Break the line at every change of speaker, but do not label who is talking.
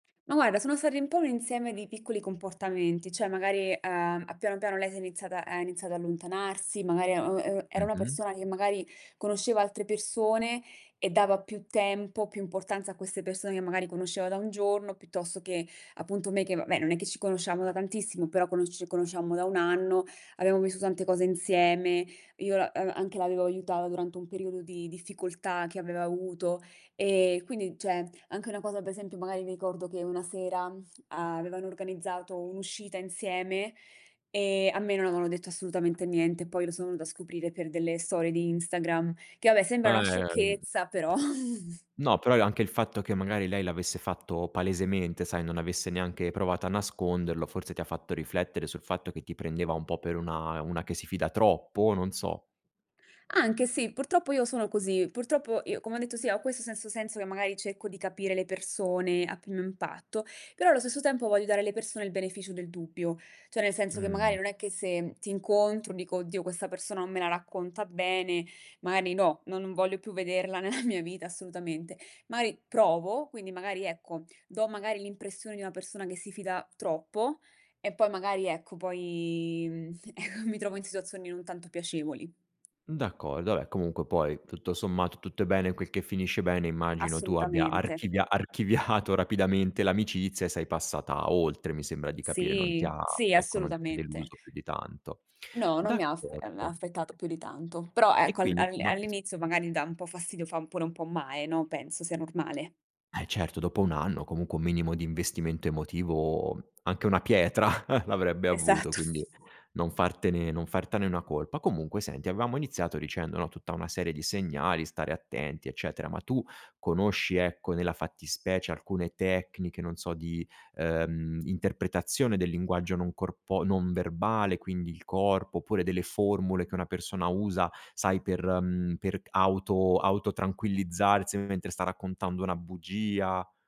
Ma guarda sono stati un po' un insieme di piccoli comportamenti. Cioè magari, uhm, a piano piano lei si è iniziata ha iniziato ad allontanarsi, magari e uhm, ehm, era una
Mh-mh.
persona che magari conosceva altre persone e dava più tempo, più importanza a queste persone che magari conosceva da 1 giorno, piuttosto che appunto me che, vabbè non è che ci conoscevamo da tantissimo, però conosce ci conosciamo da 1 anno, abbiamo visto tante cose insieme, io la uhm, anche l'avevo aiuta durante un periodo di difficoltà che aveva avuto. Ehm, quindi cioè, anche una cosa, per esempio, magari mi ricordo che una sera avevano organizzato un'uscita insieme, e a me non avevano detto assolutamente niente. Poi lo sono venuta a scoprire per delle storie di Instagram, che vabbè sembra
Ah,
una
ehm
sciocchezza, però
No, però è anche il fatto che magari lei l'avesse fatto palesemente, sai non avesse neanche provato a nasconderlo forse ti ha fatto riflettere sul fatto che ti prendeva un po' per una una che si fida troppo, o non so.
Anche sì, purtroppo io sono così. Purtroppo io, come ho detto sì, ho questo sesso senso che magari cerco di capire le persone a primo impatto, però allo stesso tempo voglio dare alle persone il beneficio del dubbio. Cioè nel senso che magari
Mh.
non è che se ti incontro dico: "Oddio questa persona non me la racconta bene, magari no, non non voglio più vederla nella mia vita assolutamente." Mari provo, quindi magari ecco, do magari l'impressione di una persona che si fida troppo, e poi magari ecco poi, mhmm, eco, mi trovo in situazioni non tanto piacevoli.
D'accordo, vabbè comunque poi tutto sommato tutto è bene quel che finisce bene, immagino tu abbia
Assolutamente.
archivia archiviato rapidamente l'amicizia e sei passata oltre, mi sembra di capire, non ti
Sì,
ha
sì
ecco, non ti ha
assolutamente.
deluso più di tanto.
No, non mi ha aspe uhm,
D'accordo.
aspettato più di tanto, però
E
ecco al
quindi
al
ma che s
all'inizio magari dà un po' fastidio, fa pure un po' male, no. Penso sia normale.
Eh certo dopo 1 anno, comunque un minimo di investimento emotivo anche una pietra l'avrebbe avuto
Esatto.
quindi non fartene non fartene una colpa. Comunque senti avevamo iniziato dicendo no tutta una serie di segnali, stare attenti, eccetera. Ma tu conosci ecco, nella fattispecie alcune tecniche non so di, ehm, interpretazione del linguaggio non corpo non verbale quindi il corpo, oppure delle formule che una persona usa, sai per mhmm, per g auto auto tranquillizzarsi mentre sta raccontando una bugia?